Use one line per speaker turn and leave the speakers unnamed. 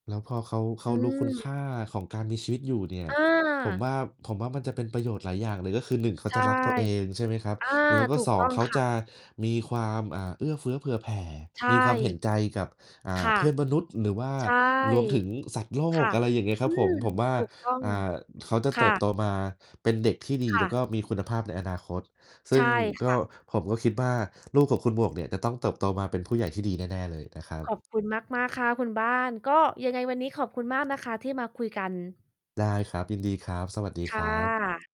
แล้วพอเขา เข
อื
ารู้คุณค
ม
่าของการมีชีวิตอยู่เนี่ย
อ
ผม
า
ว่า ผมว่ามันจะเป็นประโยชน์หลายอย่างเลย ก็คือ 1 เขา
ใช
จ
่
ะรักตัวเอง ใช่ไหมครับ
อา
แล้วก็
ถู
ส
ก
อ
ต
ง
้อง
เขา
ค่
จ
ะ
ะมีความ อ่า เอื้อเฟื้อเผื่อแผ่
ใช
มีความเห็
่
นใจกับ อ่
ค
า
่ะ
เพื่อนมนุษย์ หรือว่า
ใช่
รวมถึงสัตว์โล
ค
ก
่ะ
อะไรอย่างเงี้ยค
อ
ร
ื
ับผ
ม
ม ผมว่า
ถูกต้อง
อ่า เขาจะ
ค
เต
่
ิบโ
ะ
ตมาเป็นเด็กที่ดี
ค
แ
่
ล้ว
ะ
ก็มีคุณภาพในอนาคต ซึ
ใช
่ง
่ค
ก็
่ะ
ผมก็คิดว่า ลูกของคุณหมวกเนี่ย จะต้องเติบโตมาเป็นผู้ใหญ่ที่ดีแน่ ๆ เลยนะครั
ข
บ
อบคุณมาก ๆ ค่ะ คุณบ้าน ก็ยังไงวันนี้ขอบคุณมากนะคะที่มาคุยกัน
ได้ครับ ยินดีครับ สวัสดี
ค
ค
่
รับ
ะ